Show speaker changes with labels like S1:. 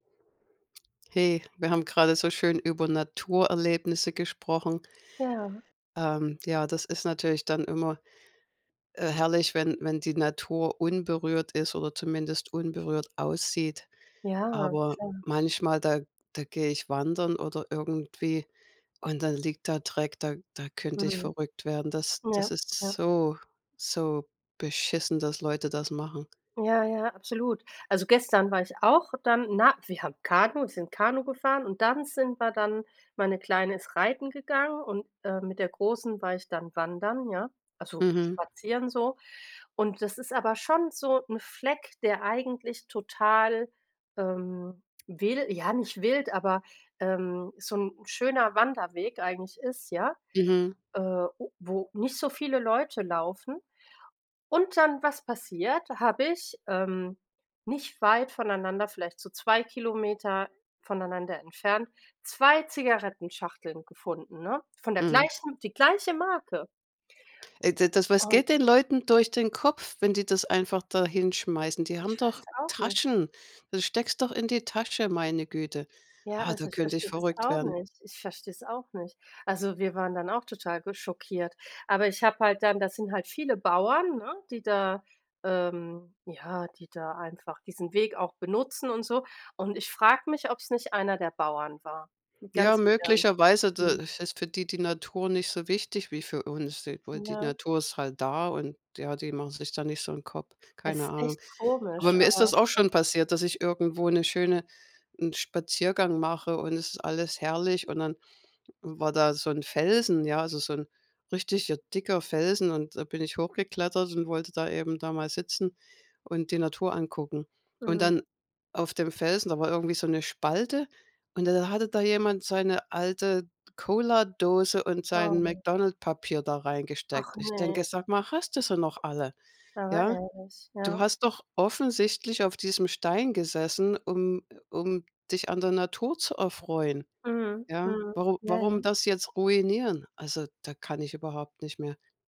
S1: Hey, wir haben gerade so schön über Naturerlebnisse gesprochen.
S2: Ja.
S1: Ähm. Ja, das ist natürlich dann immer, äh, herrlich, wenn wenn die Natur unberührt ist oder zumindest unberührt aussieht.
S2: Ja,
S1: Aber,
S2: voll.
S1: manchmal, da da gehe ich wandern oder irgendwie und dann liegt da Dreck, da da könnte ich
S2: Mhm.
S1: verrückt werden. Das das
S2: Ja,
S1: ist
S2: ja.
S1: so, so beschissen, dass Leute das machen.
S2: Ja, ja, absolut. Also, gestern war ich auch dann, äh, na wir haben Kanu sind Kanu gefahren und dann sind wir dann meine Kleine ist reiten gegangen und, äh, mit der Großen war ich dann wandern, ja, also,
S1: Mhm.
S2: spazieren so. Und das ist aber schon so 'n Fleck, der eigentlich total, ähm, wil ja nicht wild, aber, ähm, so 'n 'n schöner Wanderweg eigentlich ist, ja?
S1: Mhm.
S2: Äh, u wo nicht so viele Leute laufen und dann, was passiert: Habe ich, ähm, nicht weit voneinander, vielleicht so 2 km, äh, voneinander entfernt, 2 Zigarettenschachteln gefunden, ne? Von der
S1: Mhm.
S2: gleichen die gleiche Marke!
S1: Ey, d das was
S2: Und
S1: geht den Leuten durch den Kopf, wenn die das einfach da hinschmeißen? Die haben
S2: Ich
S1: doch
S2: weiß auch nicht.
S1: Taschen! Dann steckst doch in die Tasche, meine Güte.
S2: Ja,
S1: Ah, da
S2: also ich
S1: könnte ich
S2: verstehe das
S1: verrückt
S2: auch
S1: werden.
S2: nicht. Ich verstehe es auch nicht. Also, wir waren dann auch total ge schockiert, aber, ich habe halt dann das sind halt viele Bauern, ne? Die da ähm, ja, die da einfach diesen Weg auch benutzen und so. Und ich frage mich, ob es nicht einer der Bauern war.
S1: Ja,
S2: Ganz im Ernst.
S1: möglicherweise, da,
S2: Mhm.
S1: f ist für die die Natur nicht so wichtig wie für uns. Die weil die
S2: Ja.
S1: Natur ist halt da und, ja die machen sich da nicht so 'n Kopf, keine
S2: Es
S1: Ahnung.
S2: echt
S1: Aber
S2: komisch,
S1: mir ist
S2: aber
S1: das auch
S2: [unintelligible]
S1: schon passiert, dass ich irgendwo 'ne schöne 'n Spaziergang mache und es ist alles herrlich und dann, hm, war da so 'n Felsen, ja, also, so 'n richtiger dicker Felsen. Und, äh, da bin ich hochgeklettert und wollte da eben da mal sitzen und die Natur angucken. Und
S2: Mhm.
S1: dann auf dem Felsen, da war irgendwie so 'ne Spalte und dann hatte da jemand seine alte Cola-Dose und
S2: Oh,
S1: sein
S2: ne.
S1: McDonalds Papier da reingesteckt.
S2: Ach,
S1: Ich denke:
S2: ne.
S1: „Sage mal, hast du sie noch alle,
S2: Aber
S1: ja?
S2: ehrlich.
S1: Du
S2: Ja.
S1: hast doch offensichtlich auf diesem Stein gesessen, um, äh um dich an der Natur zu erfreuen,
S2: Mhm.
S1: ja?
S2: Mhm.
S1: Waru
S2: Ja,
S1: warum
S2: ja.
S1: das jetzt ruinieren?" Also, da kann ich überhaupt nicht mehr.